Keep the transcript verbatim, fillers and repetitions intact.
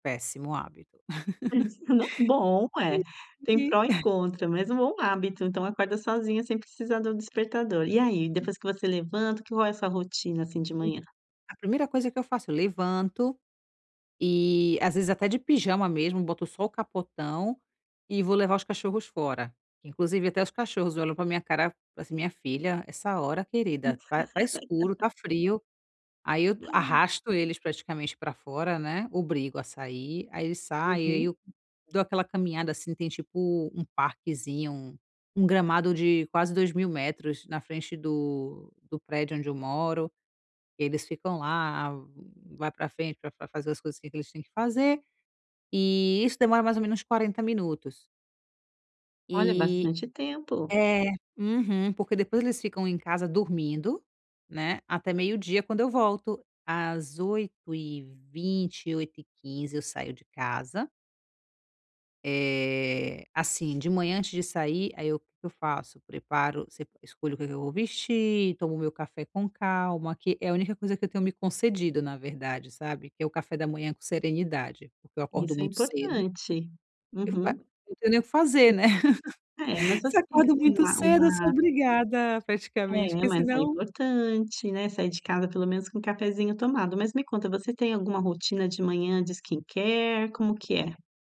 Péssimo hábito. [unintelligible] Bom é, tem pró e contra, mas um bom hábito, então acorda sozinha sem precisar do despertador. E aí, Uhum. depois que você levanta, como é essa rotina, assim, de manhã? A primeira coisa que eu faço, levanto, e às vezes até de pijama mesmo, boto só o capotão e vou levar os cachorros fora, inclusive, até os cachorros olham pra minha cara, fala assim: "Minha filha, essa hora querida? Está está escuro, está frio," aí eu Ai. arrasto eles praticamente pra fora, né, obrigo a sair, aí eles saem e aí Uhum. eu dou aquela caminhada, assim, tem tipo um parquezinho, um gramado de quase dois mil metros, na frente do do prédio onde eu moro, eles ficam lá, vai pra frente pra pra fazer as coisas que que eles têm que fazer, e isso demora mais ou menos quarenta minutos. Olha, E bastante tempo. é, uhum, porque depois eles ficam em casa dormindo, né, até meio-dia quando eu volto, às oito e vinte, oito e quinze eu saio de casa Eh, assim, de manhã antes de sair, aí o que que eu faço? Preparo se escolho o que que eu vou vestir, tomo o meu café com calma, que é a única coisa que eu tenho me concedido na verdade, sabe, que é o café da manhã com serenidade, porque eu acordo Isso é muito cedo importante, uhum, hum [unintelligible] Eu não tenho nem o que fazer né? é, mas você Se tem acordo assim muito uma cedo, sou uma obrigada praticamente É, porque mas é senão importante, né, sair de casa pelo menos, com um cafezinho tomado. Mas me conta, você tem alguma rotina de manhã de skincare, como que é?